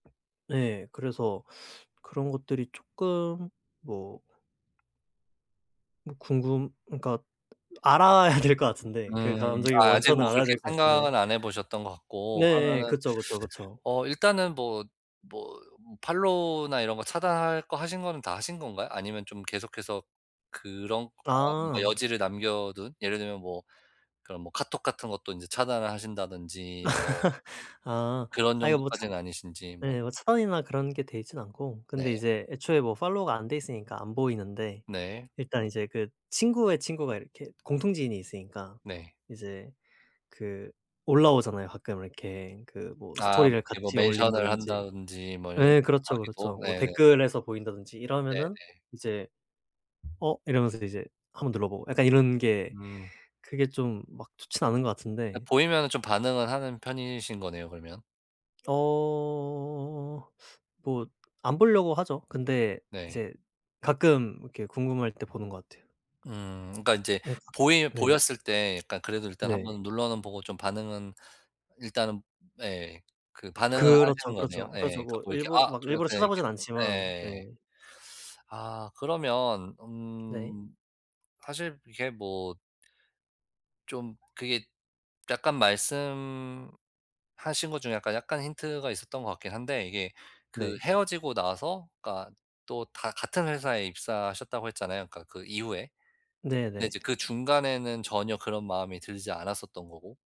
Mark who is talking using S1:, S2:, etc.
S1: 네 그래서 그런 것들이 쪼끔 뭐 뭐 궁금 그러니까 알아야 될 것 같은데 그
S2: 음.
S1: 감정의
S2: 아 아직
S1: 원천을
S2: 뭐
S1: 알아야
S2: 그렇게
S1: 될 것 같은데
S2: 생각은 안 해 보셨던 것 같고
S1: 네예.
S2: 그러면은
S1: 그쵸, 그쵸, 그쵸.
S2: 어 일단은 뭐, 뭐 팔로우나 이런 거 차단할 거 하신 거는 다 하신 건가요? 아니면 좀 계속해서 그런 거 뭔가
S1: 아.
S2: 여지를 남겨둔 예를 들면 뭐 그런 뭐 카톡 같은 것도 인제 차단을 하신다든지 뭐
S1: 아.
S2: 그런
S1: 아 이거 뭐 차
S2: 정도까진 아니신지 뭐
S1: 예. 뭐 차단이나 그런 게 돼 있진 않고
S2: 네.
S1: 근데 이제 애초에 뭐 팔로우가 안 돼 있으니까 안 보이는데
S2: 네.
S1: 일단 이제 그 친구의 친구가 이렇게 공통 지인이 있으니까
S2: 네.
S1: 이제 그 올라오잖아요. 가끔 이렇게 그 뭐
S2: 아.
S1: 스토리를
S2: 이렇게 뭐
S1: 같이
S2: 맨션을
S1: 올린다든지
S2: 한다든지 뭐 이런 거
S1: 예 그렇죠, 그렇죠.
S2: 하기도
S1: 뭐
S2: 예네.
S1: 댓글에서 보인다든지 이러면은
S2: 네네.
S1: 이제 '어?' 이러면서 이제 한번 눌러보고 약간 이런 게
S2: 음.
S1: 그게 좀 막 좋진 않은 것
S2: 그
S1: 같은데
S2: 보이면은 좀 반응을 하는 편이신 거네요 그러면?
S1: 어. 뭐 안 보려고 하죠. 근데
S2: 네.
S1: 이제 가끔 이렇게 궁금할 때 보는 것 같아요.
S2: 음. 그러니까 인제
S1: 네.
S2: 보이
S1: 네.
S2: 보였을 때 약간 그래도 일단
S1: 네.
S2: 한번 눌러는 보고 좀 반응은 일단은 예. 그 반응을
S1: 그렇죠,
S2: 하시는 거네요.
S1: 그렇죠, 그렇죠.
S2: 예 그
S1: 뭐
S2: 뭐 이렇게
S1: 일부러
S2: 아
S1: 막 일부러
S2: 그렇게 이렇게
S1: 찾아보진 않지만. 네.
S2: 예. 아. 그러면
S1: 네.
S2: 음 사실 이게 뭐 좀 그게 약간 말씀하신 것 중에 약간, 약간 힌트가 있었던 것 같긴 한데 이게 그
S1: 네.
S2: 헤어지고 나서 그러니까 또 다 같은 회사에 입사하셨다고 했잖아요 그러니까 그 이후에. 근데 이제
S1: 네네.
S2: 그 중간에는 전혀 그런 마음이 들지 않았었던 거고.